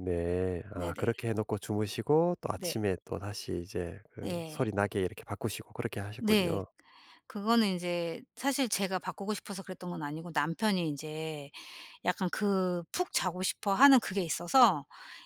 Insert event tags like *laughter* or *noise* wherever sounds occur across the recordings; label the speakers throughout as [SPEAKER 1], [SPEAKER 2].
[SPEAKER 1] 네. 아
[SPEAKER 2] 네네.
[SPEAKER 1] 그렇게 해 놓고 주무시고 또
[SPEAKER 2] 네.
[SPEAKER 1] 아침에 또 다시 이제 그 소리
[SPEAKER 2] 예.
[SPEAKER 1] 나게 이렇게 바꾸시고 그렇게
[SPEAKER 2] 네.
[SPEAKER 1] 하셨군요.
[SPEAKER 2] 그거는 인제 사실 제가 바꾸고 싶어서 그랬던 건 아니고 남편이 인제 약간 그 푹 자고 싶어 하는 그게 있어서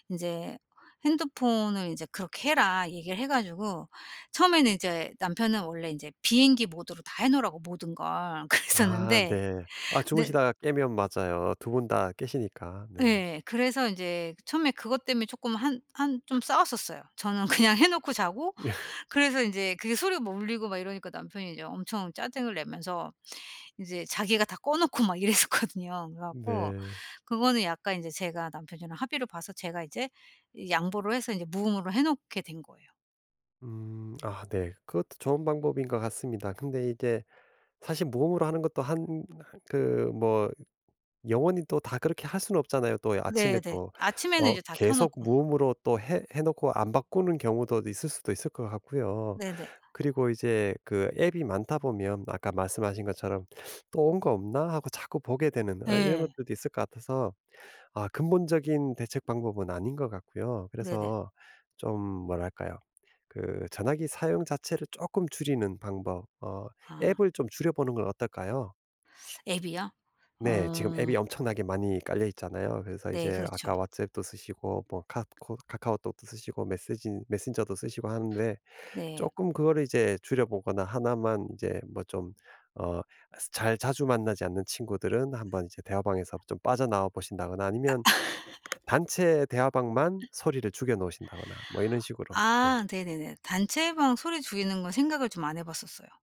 [SPEAKER 2] 인제 핸드폰을 이제 그렇게 해라 얘기를 해 가지고 처음에는 인제 남편은 원래 인제 비행기 모드로 다 해 놓으라고 모든 걸.
[SPEAKER 1] 아
[SPEAKER 2] 그랬었는데
[SPEAKER 1] 네. 아
[SPEAKER 2] 근데
[SPEAKER 1] 주무시다가 깨면 맞아요. 두 분 다 깨시니까. 네.
[SPEAKER 2] 예. 그래서 인제 처음에 그것 때문에 쪼끔 한 한 좀 싸웠었어요. 저는 그냥 해 놓고 자고
[SPEAKER 1] *laughs*
[SPEAKER 2] 그래서 인제 그게 소리가 뭐 울리고 막 이러니까 남편이 이제 엄청 짜증을 내면서 이제 자기가 다 꺼 놓고 막 이랬었거든요. 그래 갖고
[SPEAKER 1] 네.
[SPEAKER 2] 그거는 약간 인제 제가 남편이랑 합의를 봐서 제가 이제 이 양보를 해서 이제 무음으로 해 놓게 된 거예요.
[SPEAKER 1] 음 아 네. 그것도 좋은 방법인 것 같습니다. 근데 이게 사실 무음으로 하는 것도 한 그 뭐 영원히 또 다 그렇게 할 수는 없잖아요. 또 아침에
[SPEAKER 2] 네네.
[SPEAKER 1] 또
[SPEAKER 2] 아침에는
[SPEAKER 1] 어
[SPEAKER 2] 이제 다 켜
[SPEAKER 1] 계속
[SPEAKER 2] 놓고
[SPEAKER 1] 무음으로 또 해 해 놓고 안 바꾸는 경우도 있을 수도 있을 것 같고요.
[SPEAKER 2] 네네.
[SPEAKER 1] 그리고 이제 그 앱이 많다 보면 뭐 아까 말씀하신 것처럼 '또 온 거 없나?' 하고 자꾸 보게 되는 어 이런
[SPEAKER 2] 예.
[SPEAKER 1] 것들도 있을 것 같아서 아 근본적인 대책 방법은 아닌 것 같고요.
[SPEAKER 2] 네네.
[SPEAKER 1] 그래서 좀 뭐랄까요? 그 전화기 사용 자체를 쪼끔 줄이는 방법, 어
[SPEAKER 2] 아.
[SPEAKER 1] 앱을 좀 줄여보는 건 어떨까요?
[SPEAKER 2] 앱이요?
[SPEAKER 1] 네. 지금
[SPEAKER 2] 어.
[SPEAKER 1] 앱이 엄청나게 많이 깔려있잖아요. 그래서
[SPEAKER 2] 네
[SPEAKER 1] 이제
[SPEAKER 2] 그렇죠.
[SPEAKER 1] 아까 왓츠앱도 쓰시고 뭐 카 코 카카오톡도 쓰시고 메세지 메신저도 쓰시고 하는데
[SPEAKER 2] 네.
[SPEAKER 1] 쪼끔 그거를 이제 줄여보거나 하나만 이제 뭐 좀 어 스 잘 자주 만나지 않는 친구들은 한번 이제 대화방에서 좀 빠져나와 보신다거나
[SPEAKER 2] 아.
[SPEAKER 1] 아니면 단체 대화방만
[SPEAKER 2] *laughs*
[SPEAKER 1] 소리를 죽여 놓으신다거나 뭐 이런 식으로. 네.
[SPEAKER 2] 아 네네네. 단체방 소리 죽이는 건 생각을 좀 안 해 봤었어요.